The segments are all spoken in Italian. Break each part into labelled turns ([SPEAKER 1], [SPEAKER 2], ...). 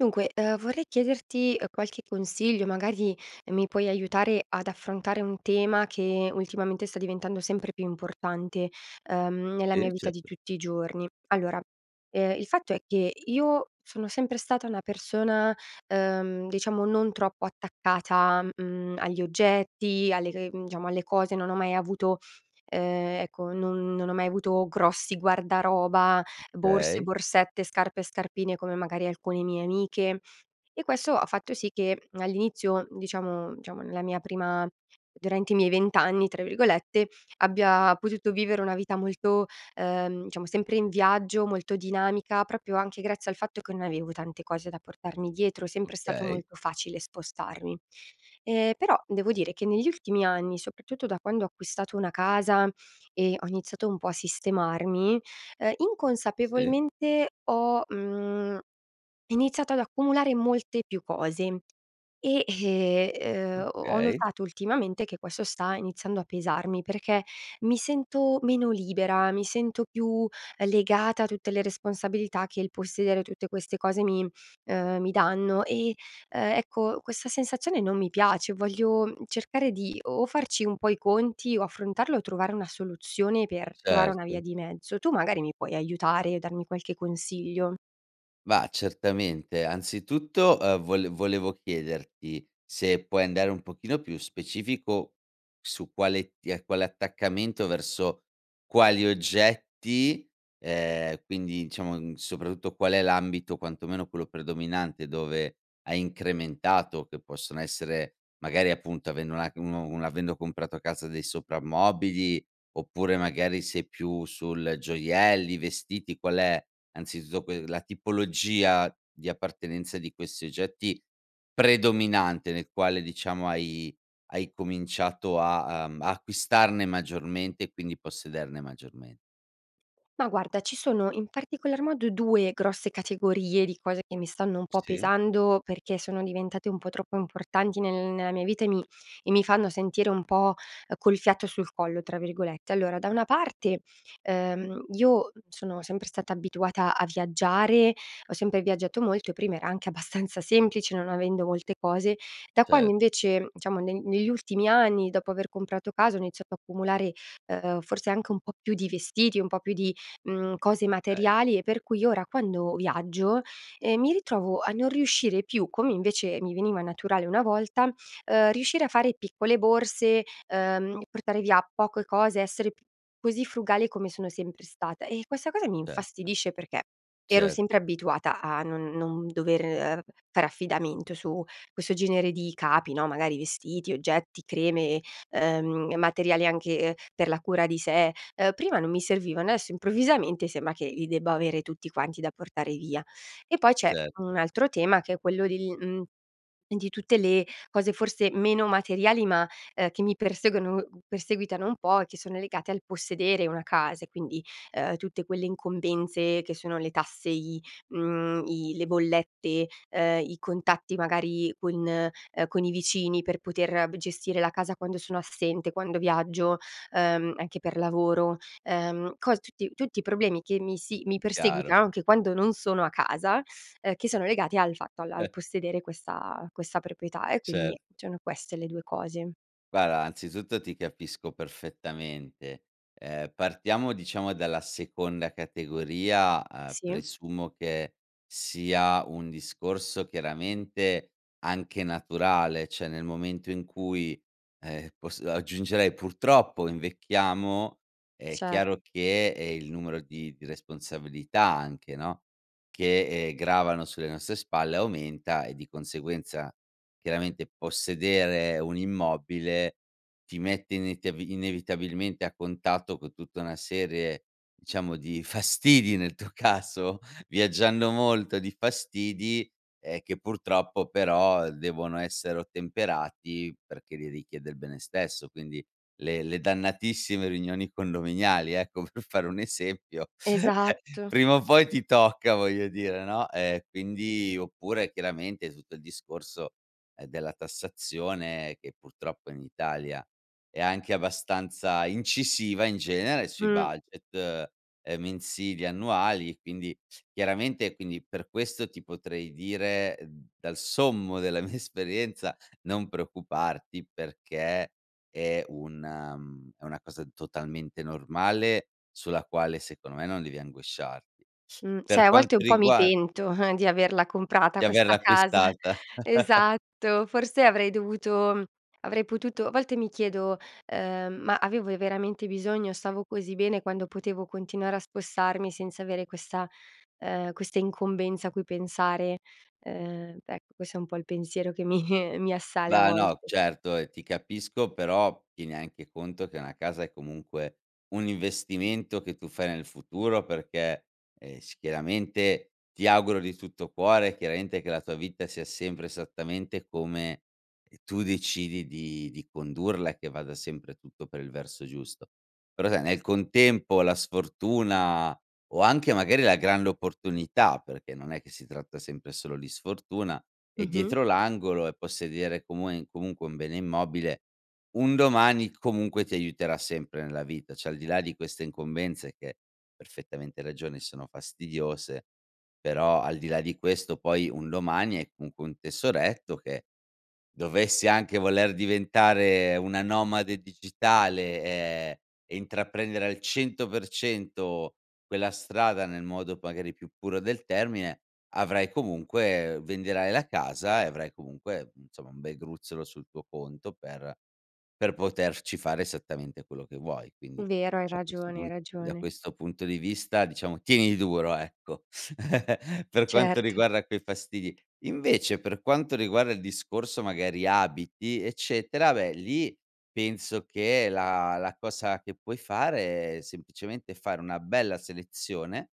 [SPEAKER 1] Dunque, uhm, vorrei chiederti, uhm, qualche consiglio. Magari mi puoi aiutare ad affrontare un tema che ultimamente sta diventando sempre più importante, uhm, nella mia
[SPEAKER 2] Sì,
[SPEAKER 1] vita di
[SPEAKER 2] certo.
[SPEAKER 1] tutti i giorni. Allora, ehm, il fatto è che io sono sempre stata una persona, uhm, diciamo, non troppo attaccata, mhmm, agli oggetti, alle c mhmm, diciamo, alle cose. Non ho mai avuto uhm, ecco, non non ho mai avuto grossi guardaroba, borse,
[SPEAKER 2] Okay.
[SPEAKER 1] borsette, scarpe e scarpine come magari alcune mie amiche, e questo ha fatto sì che all'inizio, diciamo diciamo, nella mia prima durante i miei “20 anni”, tra virgolette, abbia potuto vivere una vita molto ehm, diciamo, sempre in viaggio, molto dinamica, proprio anche grazie al fatto che non avevo tante cose da portarmi dietro. È sempre stato
[SPEAKER 2] Okay.
[SPEAKER 1] molto facile spostarmi. Ehm, però devo dire che negli ultimi anni, soprattutto da quando ho acquistato una casa e ho iniziato un po' a sistemarmi, ehm,
[SPEAKER 2] Sì.
[SPEAKER 1] inconsapevolmente ho, mhmm, iniziato ad accumulare molte più cose e, ehm, uhm, ho ho
[SPEAKER 2] Okay.
[SPEAKER 1] notato ultimamente che questo sta iniziando a pesarmi, perché mi sento meno libera, mi sento più legata a tutte le responsabilità che il possedere tutte queste cose mi ehm, mi danno, e, uhm, ecco, questa sensazione non mi piace. Voglio cercare di o farci un po' i conti, o affrontarlo, o trovare una soluzione per trovare una via
[SPEAKER 2] Certo.
[SPEAKER 1] di mezzo. Tu magari mi puoi aiutare e darmi qualche consiglio?
[SPEAKER 2] Ma certamente, anzitutto, ehm, vole volevo chiederti, se puoi andare un pochino più specifico, su quale t quale attaccamento verso quali oggetti, ehm, quindi diciamo soprattutto qual è l'ambito quantomeno quello predominante, dove hai incrementato che possono essere, magari appunto, avendo una un un avendo comprato casa dei soprammobili, oppure magari sei più sul, gioielli, vestiti; qual è, anzitutto que la tipologia di appartenenza di questi oggetti, predominante nel quale diciamo hai hai cominciato a, uhm, a acquistarne maggiormente, e quindi possederne maggiorme
[SPEAKER 1] Ma guarda, ci sono in particolar modo 2 grosse categorie di cose che mi stanno un po'
[SPEAKER 2] Sì.
[SPEAKER 1] pesando, perché sono diventate un po' troppo importanti nel nella mia vita e mi e mi fanno sentire un po', col "fiato sul collo" tra virgolette. Allora: da una parte, ehm, io sono sempre stata abituata a viaggiare, ho sempre viaggiato molto, e prima era anche abbastanza semplice, non avendo molte cose, da quando
[SPEAKER 2] Cer
[SPEAKER 1] invece, diciamo, ne negli ultimi anni, dopo aver comprato casa, ho iniziato ad accumulare, ehm, forse anche un po' più di vestiti, un po' più di, mhmm, cose
[SPEAKER 2] Okay.
[SPEAKER 1] materiali, e per cui ora quando viaggio, ehm, mi ritrovo a non riuscire più, come invece mi veniva naturale una volta, uhm, riuscire a fare piccole borse, uhm, portare via poco cose, essere così frugale come sono sempre stata, e questa cosa mi
[SPEAKER 2] Certo.
[SPEAKER 1] infastidisce perché: ero
[SPEAKER 2] Cert
[SPEAKER 1] sempre abituata a non non dover fare affidamento, su questo genere di capi no, magari vestiti, oggetti, creme, uhm, materiali anche per la cura di sé, uhm, prima non mi servivano, adesso improvvisamente sembra che li debba avere tutti quanti da portare via. E poi c'è
[SPEAKER 2] Cert
[SPEAKER 1] un altro tema, che è quello del uhm, di tutte le cose forse meno materiali, ma uhm, che mi perseguono perseguitano un po' e che sono legate al possedere una casa e quindi: uhm, tutte quelle incombenze che sono le tasse, i, uhm, i le bollette, uhm, i contatti magari con, uhm, con i vicini. Per poter gestire la casa quando sono assente, quando viaggio, uhm, anche per lavoro, uhm, co tutti tutti i problemi che mi si mi
[SPEAKER 2] Chiaro.
[SPEAKER 1] perseguitano, anche quando non sono a casa, uhm, che sono legati al fatto al al
[SPEAKER 2] Eh.
[SPEAKER 1] possedere questa questa proprietà, e
[SPEAKER 2] Cer
[SPEAKER 1] quindi sono queste le 2 cose.
[SPEAKER 2] Guarda, anzitutto ti capisco perfettamente. Ehm, partiamo, diciamo, dalla seconda categoria, uhm,
[SPEAKER 1] Sì.
[SPEAKER 2] presumo che sia un discorso, chiaramente, anche naturale, cioè, nel momento in cui, ehm, poss aggiungerei, purtroppo, invecchiamo, è
[SPEAKER 1] Cer
[SPEAKER 2] chiaro che, ehm, il numero di di responsabilità, anche, no, che, ehm, gravano sulle nostre spalle aumenta, e di conseguenza, chiaramente, possedere un immobile ti mette inetiav inevitabilmente a contatto co tutta una serie, diciamo, di fastidi nel tuo caso, viaggiando molto di fastidi, ehm, che, purtroppo, però, devono essere ottemperati, perché li richiede il bene stesso. Quindi, le le dannatissime riunioni condominiali, ecco, per fare un esempio.
[SPEAKER 1] Esatto.
[SPEAKER 2] Prima o poi ti tocca, voglio dire, no? Ehm, quindi oppure, chiaramente, tutto il discorso, ehm, della tassazione che, purtroppo, in Italia è anche abbastanza incisiva, in genere, sui
[SPEAKER 1] Mh.
[SPEAKER 2] budget, uhm, mensili e annuali, e quindi chiaramente, quindi, per questo, ti potrei dire d dal sommo della mia esperienza, non preoccuparti, perché, è una mhmm, è una cosa totalmente normale, sulla quale, secondo me, non devi angosciarti.
[SPEAKER 1] Mh, sai,
[SPEAKER 2] Per
[SPEAKER 1] a
[SPEAKER 2] quanto
[SPEAKER 1] volte un po' mi
[SPEAKER 2] riguar
[SPEAKER 1] pento, di averla comprata,
[SPEAKER 2] Di
[SPEAKER 1] questa
[SPEAKER 2] averla
[SPEAKER 1] casa.
[SPEAKER 2] acquistata.
[SPEAKER 1] Esatto. Forse, avrei dovuto mhmm, avrei potuto a volte mi chiedo, uhm, "Ma avevo io, veramente, bisogno? Stavo così bene quando potevo continuare a spostarmi senza avere questa” ehm, "questa incombenza a cui pensare." Ehm, ec questo è un po' il pensiero che mi mi assale, a
[SPEAKER 2] Va', no,
[SPEAKER 1] volte.
[SPEAKER 2] certo, e ti capisco, però, tieni anche conto che una casa è, comunque, un investimento che tu fai nel futuro perché, ehm, s chiaramente ti auguro di tutto cuore chiaramente che la tua vita sia sempre esattamente come, ehm, tu decidi di di condurla, e che vada sempre tutto per il verso giusto. Però, sai, nel contempo la sfortuna, o anche, magari, la grande opportunità, perché non è che si tratta sempre e solo di sfortuna, è
[SPEAKER 1] Mh-mh.
[SPEAKER 2] dietro l'angolo, e possedere, comuen comunque un bene immobile, un domani, c comunque, ti aiuterà sempre nella vita, cioè, al di là di queste incombenze che perfettamente ragione, sono fastidiose, però, al di là di questo, poi, un domani hai comunque un tesoretto che dovessi anche voler diventare una nomade digitale, ehm, e intraprendere al 100% quella strada nel modo, p magari, più puro del termine, avrai comunque venderai la casa e avrai, comunque, mhmm, insomma un bel gruzzolo sul tuo conto per per poterci fare esattamente quello che vuoi. Quindi,
[SPEAKER 1] Vero, hai
[SPEAKER 2] da questo
[SPEAKER 1] ragione, hai
[SPEAKER 2] pun da
[SPEAKER 1] ragione.
[SPEAKER 2] questo punto di vista, diciamo, tieni duro, ecco, per quanto
[SPEAKER 1] Certo.
[SPEAKER 2] riguarda quei fastidi. Invece, per quanto riguarda il discorso, magari, abiti, eccetera, beh, lì, penso che la la cosa che puoi fare è, semplicemente, fare una bella selezione,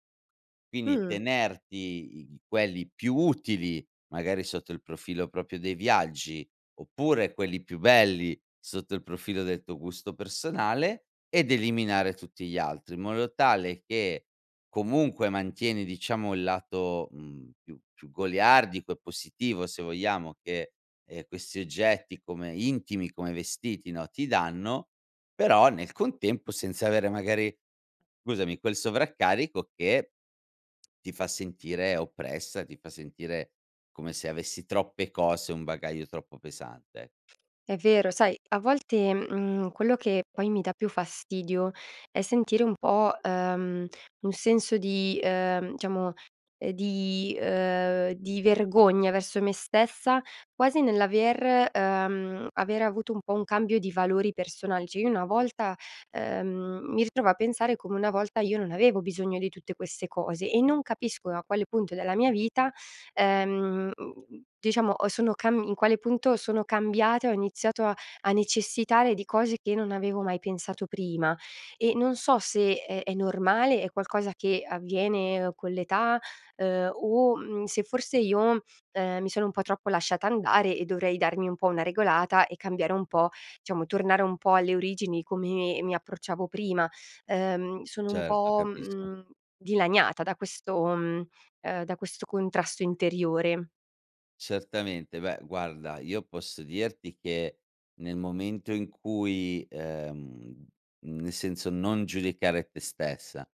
[SPEAKER 2] quindi,
[SPEAKER 1] Mh.
[SPEAKER 2] tenerti i i quelli più utili, magari, sotto il profilo proprio dei viaggi, oppure, quelli più belli, sotto il profilo del tuo gusto personale, ed eliminare tutti gli altri, in modo tale che, comunque, mantieni, diciamo, il lato, mhmm, più più goliardico e positivo, se vogliamo, che, ehm, questi oggetti, come intimi, come vestiti, no, ti danno, però nel contempo senza avere, magari, usami, quel sovraccarico che, ti fa sentire oppressa, ti fa sentire come se avessi troppe cose, un bagaglio troppo pesante.
[SPEAKER 1] È vero, sai a volte, mhmm, quello che poi mi dà più fastidio è sentire un po', ehm, un senso di, ehm, diciamo, ehm, di uhm, di vergogna verso me stessa, quasi nell'aver ehm, aver avuto un po' un cambio di valori personali, cioè, io una volta ehm, mi ritrovo a pensare come, una volta, io non avevo bisogno di tutte queste cose, e non capisco a quale punto della mia vita, ehm, mhmm, diciamo, o sono cam in quale punto sono cambiata, e ho iniziato a a necessitare di cose che non avevo mai pensato prima. E non so se è è normale, è qualcosa che avviene con l'età, uhm, o, mhmm, se forse io, ehm, mi sono un po' troppo lasciata andare, e dovrei darmi un po' una regolata, e cambiare un po' diciamo, tornare un po' alle origini, come mi approcciavo prima. Ehm, sono un
[SPEAKER 2] Certo,
[SPEAKER 1] po',
[SPEAKER 2] capisco.
[SPEAKER 1] mhmm, dilaniata da questo mhmm, ehm, da questo contrasto interiore.
[SPEAKER 2] Certamente. Beh, guarda, io posso dirti che, nel momento in cui, ehm, nel senso, non giudicare te stessa.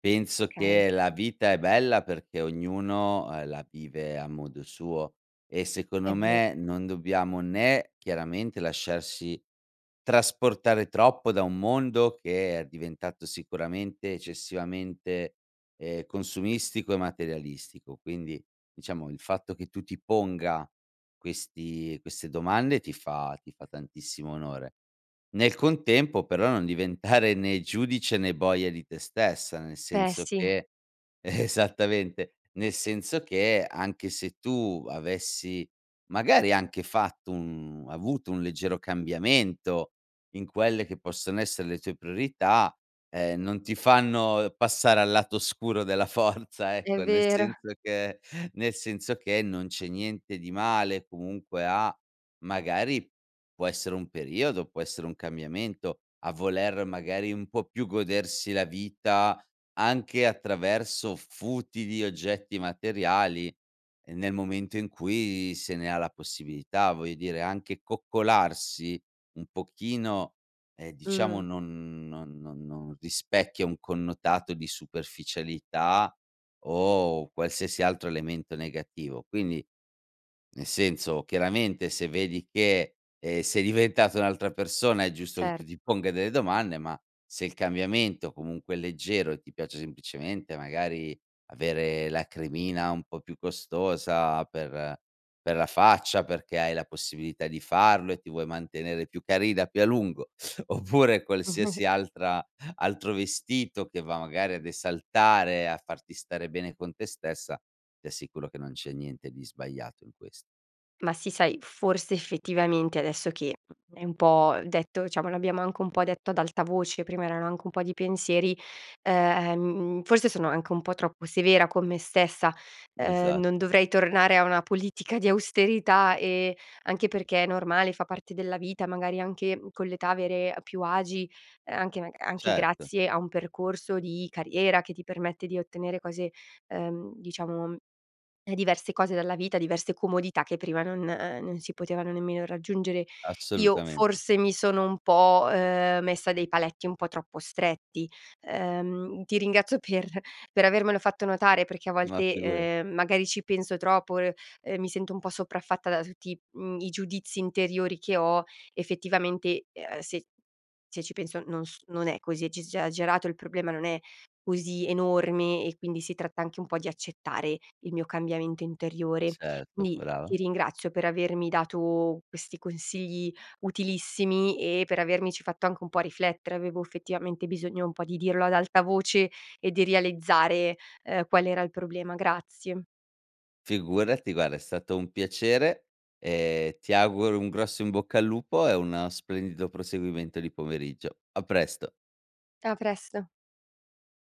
[SPEAKER 2] Penso
[SPEAKER 1] Okay.
[SPEAKER 2] che la vita è bella perché ognuno, ehm, la vive a modo suo. E
[SPEAKER 1] È
[SPEAKER 2] secondo
[SPEAKER 1] ver
[SPEAKER 2] me non dobbiamo né chiaramente lasciarci trasportare troppo da un mondo che è diventato sicuramente eccessivamente, ehm, consumistico e materialistico, quindi diciamo il fatto che tu ti ponga questi queste domande ti fa ti fa tantissimo onore. Nel contempo però non diventare né giudice né boia di te stessa, nel
[SPEAKER 1] Beh,
[SPEAKER 2] senso
[SPEAKER 1] sì.
[SPEAKER 2] che Esattamente, nel senso che anche se tu avessi magari anche fatto, mhmm, un avuto un leggero cambiamento in quelle che possono essere le tue priorità, ehm, non ti fanno passare al lato oscuro della Forza,
[SPEAKER 1] È
[SPEAKER 2] ecco. Nel
[SPEAKER 1] vero.
[SPEAKER 2] senso che nel senso che non c'è niente di male comunque a magari, può essere un periodo, può essere un cambiamento, a voler magari un po' più godersi la vita anche attraverso futili oggetti materiali, ehm, nel momento in cui se ne ha la possibilità. Voglio dire, anche coccolarsi un pochino, ehm, diciamo,
[SPEAKER 1] Mhmm.
[SPEAKER 2] non non non non rispecchia un connotato di superficialità o qualsiasi altro elemento negativo. Quindi, nel senso, chiaramente se vedi che, ehm, sei diventata un'altra persona, è giusto che
[SPEAKER 1] Cer
[SPEAKER 2] tu ti ponga delle domande, ma se il cambiamento comunque è leggero e ti piace semplicemente magari avere la cremina un po' più costosa per per la faccia, perché hai la possibilità di farlo e ti vuoi mantenere più carina più a lungo, oppure qualsiasi altra altro vestito che va magari a esaltare e a farti stare bene con te stessa, ti assicuro che non c'è niente di sbagliato in ques
[SPEAKER 1] Ma sì, sai, forse effettivamente adesso che è un po' detto diciamo l'abbiamo anche un po' detto ad alta voce, prima erano anche un po' di pensieri, ehm, forse sono anche un po' troppo severa con me stessa, ehm,
[SPEAKER 2] Esatt
[SPEAKER 1] non dovrei tornare a una politica di austerità e anche perché è normale, fa parte della vita, magari anche con l'età avere più agi, ehm, anche maga anche
[SPEAKER 2] Certo.
[SPEAKER 1] grazie a un percorso di carriera che ti permette di ottenere cose ehm, diciamo, ehm, diverse cose dalla vita, diverse comodità che prima non non si potevano nemmeno raggiungere. Io
[SPEAKER 2] Assolutamente.
[SPEAKER 1] forse mi sono un po', ehm, messa dei paletti un po' troppo stretti, ehm, ti ringrazio per per avermelo fatto notare perché a
[SPEAKER 2] Ma
[SPEAKER 1] volte,
[SPEAKER 2] figurati.
[SPEAKER 1] ehm, magari ci penso troppo, r ehm, mi sento un po' sopraffatta da tutti, mhmm, i giudizi interiori che ho effettivamente, ehm, se se ci penso non s non è così ecciss esagerato. Il problema non è così enorme, e quindi si tratta anche un po' di accettare il mio cambiamento interiore.
[SPEAKER 2] Certo.
[SPEAKER 1] Quindi ti
[SPEAKER 2] Brava.
[SPEAKER 1] ringrazio per avermi dato questi consigli utilissimi e per avermici fatto anche un po' riflettere. Avevo effettivamente bisogno un po' di dirlo ad alta voce e di realizzare, ehm, qual era il problema, grazie.
[SPEAKER 2] Figurati, guarda, è stato un piacere e ti auguro un grosso in bocca al lupo e una splendido proseguimento di pomeriggio. A presto.
[SPEAKER 1] A presto.